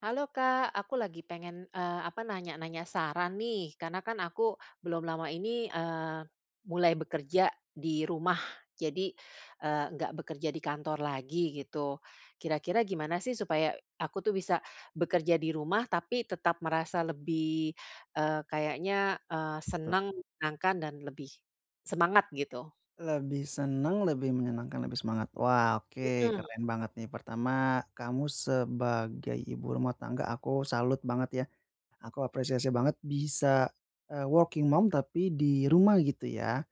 Halo, Kak, aku lagi pengen, eee, apa, nanya-nanya saran nih, karena kan aku belum lama ini, eee, mulai bekerja di rumah, jadi, eee, nggak bekerja di kantor lagi, gitu. Kira-kira gimana sih, supaya aku tuh bisa bekerja di rumah, tapi tetap merasa lebih, eee, kayaknya, eee, Gitu. senang, menyenangkan dan lebih semangat, gitu? Lebih seneng, lebih menyenangkan, lebih semangat. Wah, oke, Mhm. keren banget nih. Pertama, kamu sebagai ibu rumah tangga, aku salut banget, ya. Aku apresiasi banget bisa, eee, working mom tapi di rumah, gitu ya.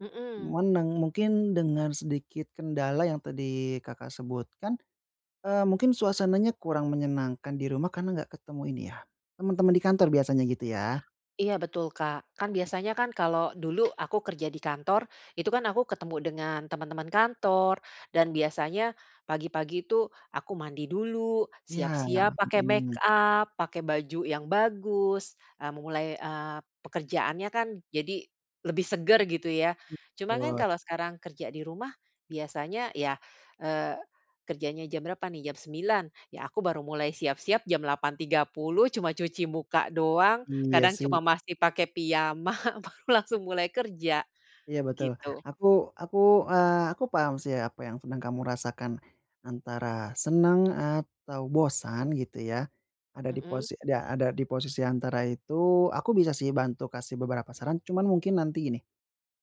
Mhm. Cuman, deng mungkin dengan sedikit kendala yang tadi Kakak sebutkan, eee, mungkin suasananya kurang menyenangkan di rumah karena enggak ketemu ini ya, temen-temen di kantor, biasanya gitu, ya. Iya, betul, Kak. Kan biasanya kan kalau dulu aku kerja di kantor, itu kan aku ketemu dengan teman-teman kantor, dan biasanya, pagi-pagi itu aku mandi dulu, Iya ya, siap-siap pakai make mhm. up, pakai baju yang bagus, eee, memulai, eee, pekerjaannya kan, jadi lebih seger, gitu ya. Cuma kan Wah. kalau sekarang kerja di rumah biasanya ya, eee, kerjanya jam berapa nih, jam 9:00. Ya, aku baru mulai siap-siap jam 8:30, cuma cuci muka doang, Iya, kadang sih. cuma masih pakai piyama, baru langsung mulai kerja. Iya, betul. Gitu. Aku aku, eee, aku paham sih, apa yang sedang kamu rasakan, antara senang atau bosan, gitu ya, ada di Mhm. posi da ada di posisi antara itu. Aku bisa sih bantu kasih beberapa saran, cuman mungkin nanti gini,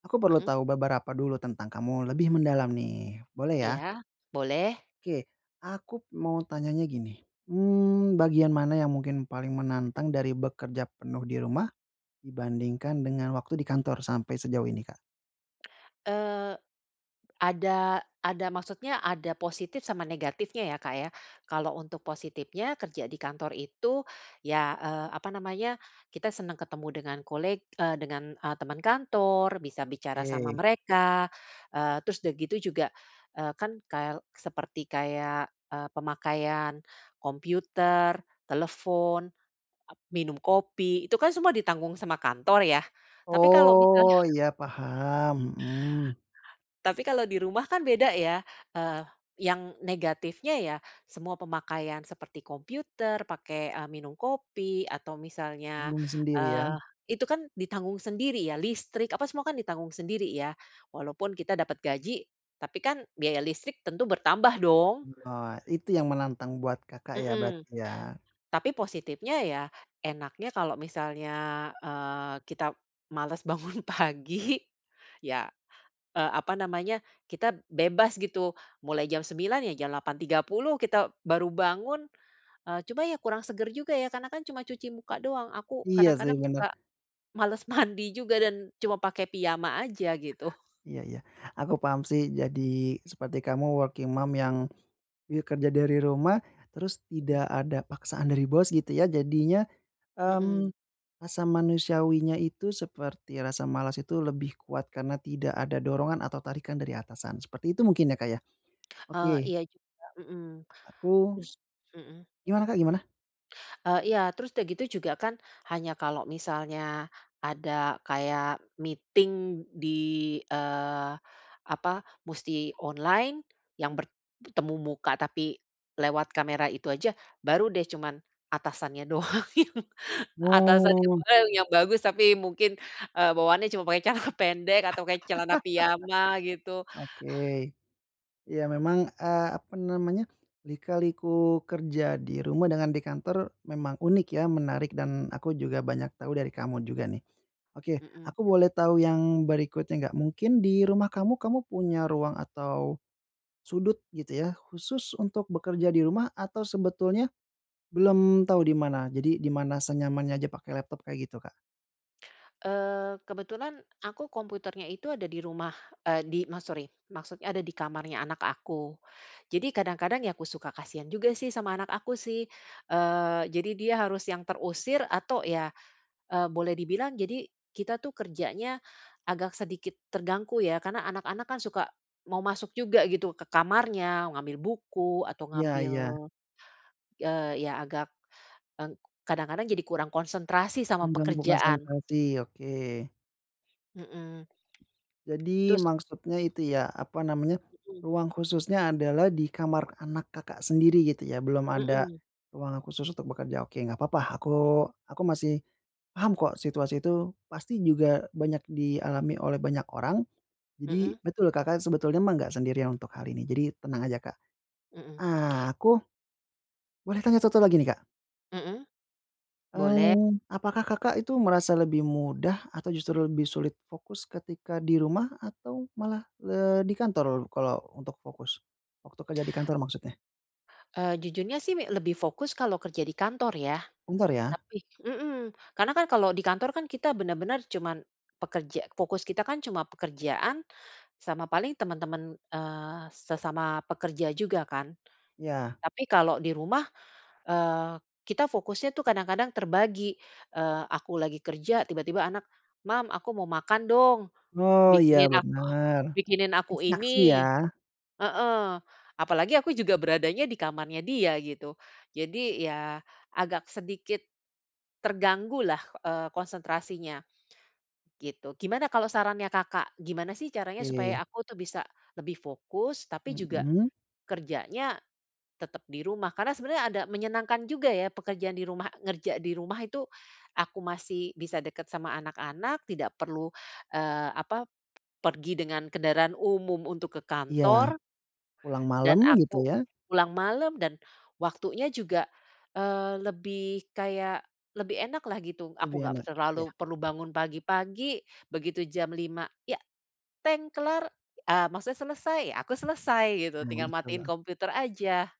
aku perlu Mhm. tahu beberapa dulu tentang kamu lebih mendalam, nih. Boleh, ya? Iya, boleh. Oke. Aku mau tanyanya gini, mmm, bagian mana yang mungkin paling menantang dari bekerja penuh di rumah, dibandingkan dengan waktu di kantor sampai sejauh ini, Kak? Eee, ada ada maksudnya ada positif sama negatifnya ya, Kak, ya. Kalau untuk positifnya kerja di kantor itu, ya, eee, apa namanya, kita senang ketemu dengan koleg eee, dengan, eee, teman kantor, bisa bicara sama Oke. mereka. Eee, terus udah gitu juga, eee, kan kael seperti kayak, eee, pemakaian computer, telefon, ap minum kopi, itu kan semua ditanggung sama kantor, ya. Tapi kalau Oh, misalnya iya, paham, mhm. Tapi kalau di rumah kan beda ya, eee, yang negatifnya, ya, semua pemakaian seperti computer, pakai, eee, minum kopi, atau misalnya, Bingung sendiri, ya. eee, itu kan ditanggung sendiri ya, listrik, apa, semua kan ditanggung sendiri, ya. Walaupun kita dapat gaji, tapi kan biaya listrik tentu bertambah, dong. Mmm, ah, itu yang menantang buat Kakak ya, Mhm. berarti, ya. Tapi positifnya ya, enaknya kalau misalnya, eee, kita males bangun pagi, ya, eee, apa namanya, kita bebas, gitu. Mulai jam 09:00 ya, jam 8:30 kita baru bangun. Eee, cuma ya kurang segar juga, ya, karena kan cuma cuci muka doang. Aku Iya, sih, kadang-kadang bener. suka males mandi juga dan cuma pakai piyama aja, gitu. Iya iya. Aku paham sih. Jadi seperti kamu working mom yang, ya, kerja dari rumah, terus Mhm. tidak ada paksaan dari bos, gitu, ya. Jadinya, mmm, Mhm. rasa manusiawinya itu seperti rasa malas itu lebih kuat karena tidak ada dorongan atau tarikan dari atasan. Seperti itu mungkin ya, Kak, ya. Eee, Oke. iya juga, mhm. Aku Us mhm. gimana, Kak, gimana? Eee, iya, terus udah gitu juga kan hanya kalau misalnya ada kayak meeting di, eee, apa, musti online yang bert bertemu muka, tapi lewat kamera itu aja, baru deh cuman atasannya doang yang atasannya Oh. doang yang bagus, tapi mungkin, eee, bawahannya cuma pakai celana pendek atau pakai celana piyama gitu. Oke. Ya memang, eee, apa namanya, lika-liku kerja di rumah dengan di kantor memang unik ya, menarik dan aku juga banyak tahu dari kamu juga nih. Oke, Mhm. aku boleh tahu yang berikutnya enggak, mungkin di rumah kamu, kamu punya ruang atau sudut, gitu ya, khusus untuk bekerja di rumah atau sebetulnya belum tahu di mana? Jadi di mana senyamannya aja pakai laptop, kayak gitu, Kak? Eee, kebetulan aku komputernya itu ada di rumah, eee, di ma sorry, maksudnya ada di kamarnya anak aku. Jadi kadang-kadang ya aku suka kasihan juga sih sama anak aku sih. Eee, jadi dia harus yang terusir atau ya, eee, boleh dibilang jadi kita tuh kerjanya agak sedikit terganggu ya, karena anak-anak kan suka mau masuk juga gitu ke kamarnya, ngambil buku atau Iya ngambil, iya. eee, ya agak, ek kadang-kadang jadi kurang konsentrasi sama Mengganggu pekerjaan. konsentrasi, oke. Heeh. Jadi Terus maksudnya itu ya, apa namanya? Heeh. Ruang khususnya adalah di kamar anak Kakak sendiri gitu ya belum ada Heeh. ruangan khusus untuk bekerja. Oke. Enggak papa, aku aku masih, paham kok situasi tuh pasti juga banyak dialami oleh banyak orang. Jadi, Heeh. betul Kakak sebetulnya mah enggak sendirian untuk hal ini. Jadi tenang aja Kak. Heeh. Ah, aku, boleh tanya 1 lagi nih, Kak? Heeh. Boleh. Eee, apakah Kakak itu merasa lebih mudah, atau justru lebih sulit fokus, ketika di rumah atau malah, eee, di kantor kalau untuk fokus? Waktu kerja di kantor maksudnya. Eee, jujurnya sih, mi lebih fokus kalau kerja di kantor, ya. Kantor ya? Tapi heeh. Karena kan kalau di kantor kan, kita bener-bener cuma pekerja fokus kita kan cuma pekerjaan, sama paling teman-teman, eee, sesama pekerja juga kan. Iya. Tapi kalau di rumah, eee kita fokusnya tuh kadang-kadang, terbagi. Eee, aku lagi kerja, tiba-tiba anak, "Mam, aku mau makan dong, Oh. Iya bikinin a bener. bikinin aku Distraksi ya? ini." Heeh. Apalagi aku juga beradanya di kamarnya dia, gitu. Jadi, ya agak sedikit, terganggu lah, eee, konsentrasinya, gitu. Gimana kalau sarannya Kakak Gimana sih caranya supaya Oke. aku tuh bisa lebih fokus, tapi juga, Heeh. kerjanya tetap di rumah. Karena sebenernya ada menyenangkan juga ya pekerjaan di rumah ngerja di rumah itu aku masih bisa dekat sama anak-anak, tidak perlu, eee, apa? pergi dengan kendaraan umum untuk ke Iya. kantor Pulang dan malam gitu aku ya. pulang malam, dan waktunya juga, eee, lebih kayak lebih enak lah, gitu. Lebih Aku nggak pe enak. Ya. terlalu perlu bangun pagi-pagi, begitu jam 5.00, ya, teng kelar, ah, maksud selesai, aku selesai gitu. Oh, Tinggal gitu matiin ya. komputer aja.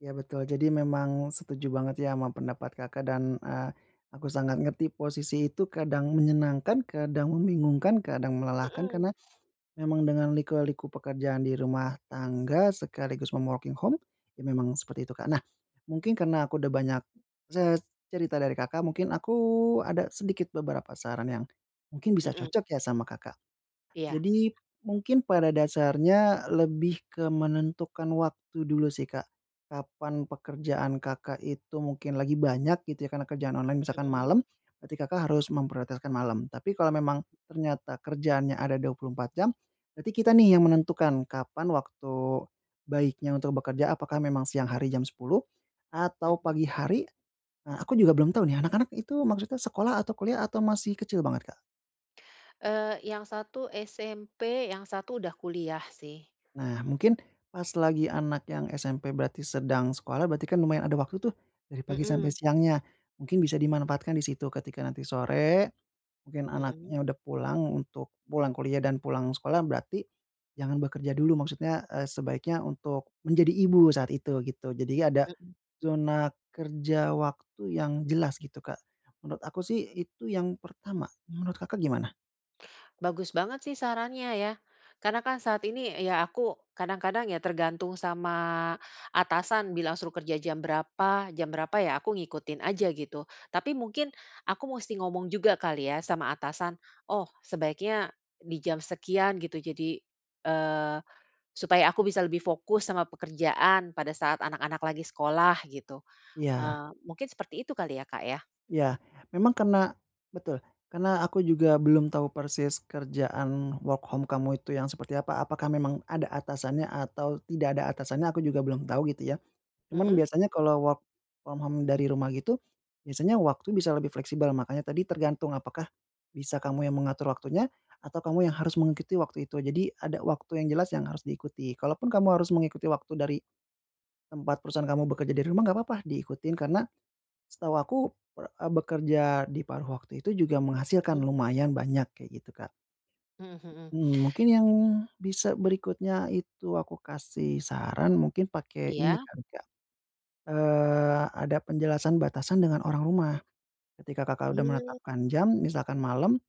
Ya, betul. Jadi memang setuju banget, ya sama pendapat Kakak. Dan, eee, aku sangat ngerti posisi itu kadang menyenangkan, kadang membingungkan, kadang melelahkan. Mhm. Karena, memang dengan liku-liku pekerjaan di rumah tangga, sekaligus, mom working home, ya memang seperti itu, Kak. Nah, mungkin karena aku udah banyak, ces cerita dari Kakak, mungkin aku ada sedikit beberapa saran yang, mungkin bisa Mhm. cocok ya, sama Kakak. Iya. Jadi, mungkin pada dasarnya, lebih ke menentukan waktu dulu sih, Kak. Kapan pekerjaan Kakak itu mungkin lagi banyak, gitu ya, karena kerjaan online misalkan Mhm. malam, berarti Kakak harus memprioritaskan malam. Tapi kalau memang ternyata kerjaannya ada 24 jam, berarti kita nih, yang menentukan kapan waktu baiknya untuk bekerja. Apakah memang siang hari jam 10.00, atau Mhm. pagi hari. Nah, aku juga belum tau nih, anak-anak itu maksudnya sekolah, atau kuliah, atau masih kecil banget, Kak? Eee, yang satu SMP, yang satu udah kuliah, sih. Nah mungkin, pas lagi anak yang SMP berarti sedang sekolah, berarti kan lumayan ada waktu tuh, dari pagi sampai Mhm. siangnya, mungkin bisa dimanfaatkan di situ. Ketika nanti sore, mungkin Mhm. anaknya udah pulang untuk pulang kuliah dan pulang sekolah, berarti, jangan bekerja dulu. Maksudnya, eee, sebaiknya untuk menjadi ibu saat itu, gitu. Jadinya ada, Mhm. zona kerja waktu yang jelas, gitu Kak. Menurut aku sih, itu yang pertama, menurut Kakak gimana? Bagus banget sih sarannya ya. Karena kan saat ini ya aku kadang-kadang ya, tergantung sama atasan bilang suruh kerja jam berapa, jam berapa ya aku ngikutin aja gitu. Tapi mungkin aku musti ngomong juga kali ya sama atasan. Oh sebaiknya di jam sekian gitu. Jadi, eee, supaya aku bisa lebih fokus sama pekerjaan pada saat anak-anak lagi sekolah gitu. Iya. Eee, mungkin seperti itu kali ya Kak ya? Ya, memang karena betul, karena aku juga belum tahu persis kerjaan work home kamu itu yang seperti apa. Apakah memang ada atasannya atau tidak ada atasannya? Aku juga belum tahu gitu ya. Cuman Mhm. biasanya kalau work from home dari rumah gitu biasanya waktu bisa lebih fleksibel. Makanya tadi tergantung apakah bisa kamu yang mengatur waktunya atau kamu yang harus mengikuti waktu itu. Jadi ada waktu yang jelas yang harus diikuti. Kalaupun kamu harus mengikuti waktu dari tempat perusahaan kamu bekerja dari rumah enggak papa diikutin karena setahu aku, eee, bekerja di paruh waktu itu juga menghasilkan Mhm. lumayan banyak kayak gitu Kak. Mhm, mhm. Mmm mungkin yang bisa berikutnya itu aku kasih saran mungkin pakai ini Iya. kali Kak, eee, ada penjelasan batasan dengan orang rumah. Ketika Kakak sudah Mmm. menetapkan jam misalkan malam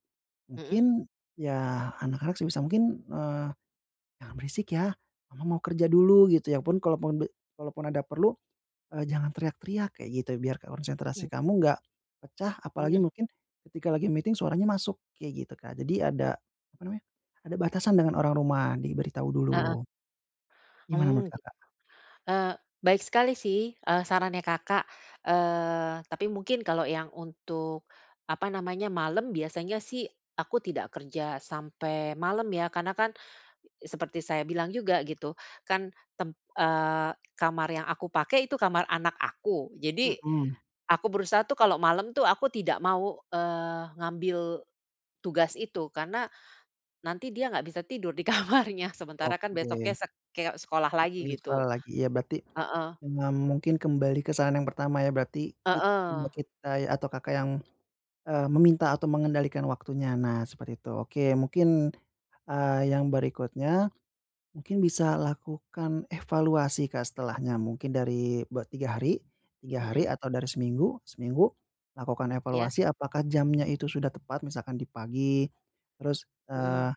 Mhm. mungkin ya, anak-anak sebisa mungkin eee, "Jangan berisik ya Mama mau kerja dulu," gitu. Ya pun kalaupun de kalaupun ada perlu, eee, "Jangan teriak-teriak," kayak gitu biar konsentrasi Mmm. kamu enggak pecah. Apalagi Mhm. mungkin ketika lagi meeting suaranya masuk kayak gitu kan. Jadi ada apa namanya, ada batasan dengan orang rumah diberitahu Heeh. dulu. Gimana menurut Oh, Kakak? eee, baik sekali sih, eee, sarannya Kakak. Eee, tapi mungkin kalau yang untuk apa namanya, malam biasanya sih aku tidak kerja sampai malam ya, karena kan seperti saya bilang juga gitu, kan tem eee, kamar yang aku pakai itu kamar anak aku. Jadi, Mhm. aku berusaha tuh kalau malam itu aku tidak mau, eee, ngambil tugas itu. Karena, nanti dia nggak bisa tidur di kamarnya. Sementara Oke. kan besoknya [unintelligible] sek keok sekolah lagi gitu. Sekolah lagi, ya berarti Heeh. ma mungkin kembali ke saran yang pertama ya berarti kit imut Heeh. kita ya, atau Kakak yang, eee, meminta atau mengendalikan waktunya. Nah, seperti itu. Oke, mungkin, eee, yang berikutnya mungkin bisa lakukan evaluasi Kak. Setelahnya mungkin dari be 3 hari, 3 hari Mhm. atau dari seminggu, seminggu lakukan Ya. evaluasi. Apakah jamnya itu sudah tepat? Misalkan di pagi. Terus, eee, Mhm.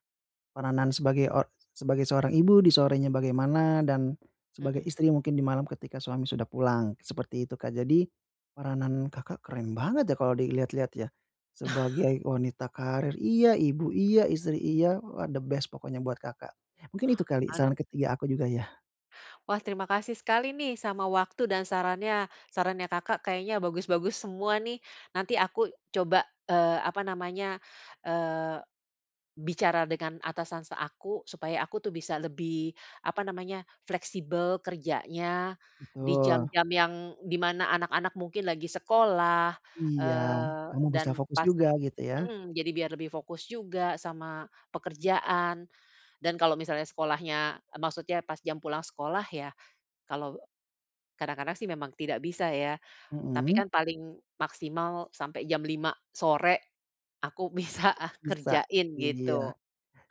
peranan sebagai o sebagai seorang ibu di sorenya bagaimana dan sebagai Mhm. istri mungkin di malam ketika suami sudah pulang, seperti itu Kak. Jadi, peranan Kakak keren banget ya, kalau dilihat-lihat ya. Sebagai wanita karir iya, ibu iya, istri iya. Wah the best pokoknya buat Kakak. Mungkin itu kali Aduh. saran ketiga aku juga ya. Wah, terima kasih sekali nih, sama waktu dan sarannya. Sarannya Kakak kayaknya bagus-bagus semua, nih. Nanti aku coba, eee, apa namanya, eee, bicara dengan atasan s aku, supaya aku tuh bisa lebih, apa namanya, fleksibel kerjanya, di Betul. jam-jam yang dimana anak-anak mungkin lagi sekolah, Iya, eee, kamu bisa dan fokus pas juga, gitu ya. mhm, jadi biar lebih fokus juga sama pekerjaan. Dan kalau misalnya sekolahnya maksudnya pas jam pulang sekolah ya, kalau kadang-kadang sih memang tidak bisa ya, tapi Mhm. kan paling maksimal sampai jam 5:00 sore aku bisa Bisa, kerjain, iya. gitu.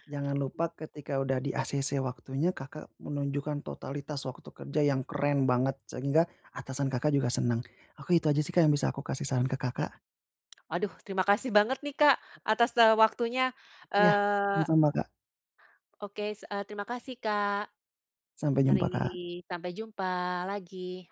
Jangan lupa ketika udah di-acc waktunya, Kakak menunjukkan totalitas waktu kerja yang keren banget, sehingga atasan Kakak juga senang. Aku itu aja sih, Kak, yang bisa aku kasih saran ke Kakak. Waduh, terima kasih banget nih, Kak, atas waktunya, Iya, eee. sama-sama, Kak. Oke, s terima kasih, Kak, Sampai mari, jumpa, Kak. sampai jumpa lagi.